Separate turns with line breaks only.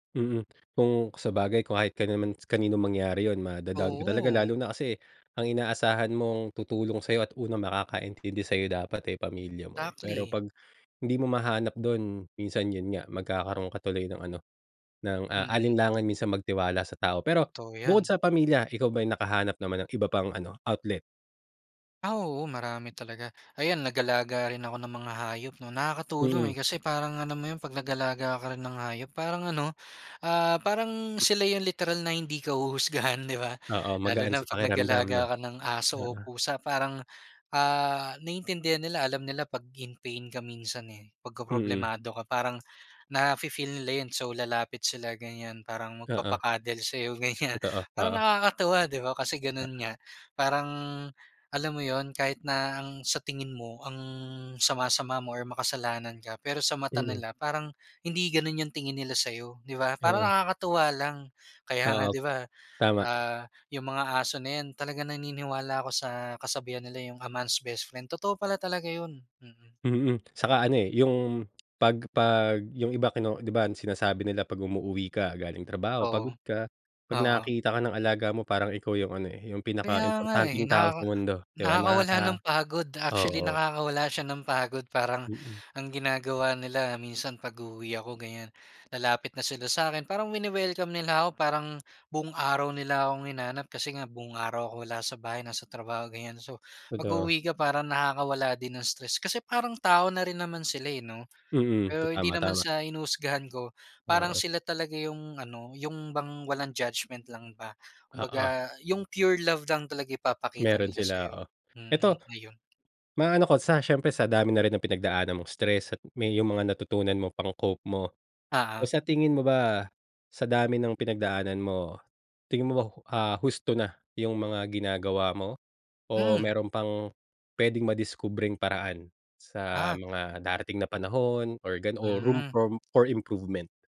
Mm kung sabagay kahit ka naman kaninong mangyari yun ma-da-down ka talaga
Oo.
lalo na kasi ang inaasahan mong tutulong sa'yo at unang makakaintindi sayo dapat eh pamilya mo eh. Pero
Exactly.
pag, hindi mo mahanap dun minsan yun nga magkakaroon ka tuloy ng ano, ng, ah,
Mm.
alinlangan minsan magtiwala sa tao pero,
Totoo
bukod
yan.
sa pamilya ikaw ba ay nakahanap naman ng iba pang ano outlet?
Ah oo, marami talaga. Ayan nag-alaga rin ako ng mga hayop no nakakatulong
Mm.
eh kasi parang alam mo yun pag nag-alaga ka rin ng hayop parang ano, ah, parang
M
sila yun literal na hindi ka huhusgahan di ba?
Oo
Lalo
magaan
na
sa
pag
pakiramdam no?
nag-alaga ka ng aso o
Oo.
pusa parang, ah, naiintindihan nila alam nila pag in pain ka minsan eh.
Mm.
Pagka-problemado ka parang na fi-feel nila yun so lalapit sila ganyan parang
Oo.
magpapa-cuddle sa'yo ganyan
Totoo,
parang
oo.
nakakatuwa, di ba? Kasi ganun
Oo.
nga parang, alam mo yun, kahit na ang sa tingin mo ang sama-sama mo or makasalanan ka pero sa mata
Mm.
nila parang hindi ganun yung tingin nila sayo di ba? Parang
Oo.
nakakatuwa lang. Kaya nga
Oo.
di ba,
Tama.
ah, yung mga aso na yan talagang naniniwala ako sa kasabihan nila yung a man's best friend totoo pala talaga yun, mm.
Mm, saka ano eh, yung pag pag yung iba kino di ba sinasabi nila pag umuuwi ka galing trabaho
Oo,
pagod ka. Pag
oo.
nakakita ka ng alaga mo parang ikaw yung ano eh, yung
Kaya nga eh
pinaka-importanteng tao sa
nakaka
mundo, di ba?
nakakawala
Nakaka
ng pagod actually
oo.
nakakawala siya ng pagod parang,
Mm.
ang ginagawa nila minsan pag-uuwi ako ganyan lalapit na sila sa'kin, parang wine-welcome nila ako parang buong araw nila akong hinanap kasi nga buong araw ako wala sa bahay nasa trabaho ganyan. So
Totoo.
pag-uuwi ka parang nakakawala din ng stress kasi parang tao na rin naman sila eh, no?
Mm, to
Pero hindi
tama,
naman
tama.
sa hinuhusgahan ko, parang
Oo.
sila talaga yung ano, yung bang walang judgement lang ba.
Oo.
Kumbaga yung pure love lang talaga ipapakita
Meron
nila
sila
sa'yo.
oo.
Mm
Eto,
ayun.
maano ko sa siyempre sa dami na rin ng pinagdaanan mong stress at may yung mga natutunan mo pang-cope mo.
Oo.
So sa tingin mo ba sa dami ng pinagdaanan mo, tingin mo ba ho ah husto na yung mga ginagawa mo? O
Hmm.
meron pang pwedeng madiskubreng paraan sa
Ah.
mga darating na panahon, or gan o room
Mm.
from for improvement?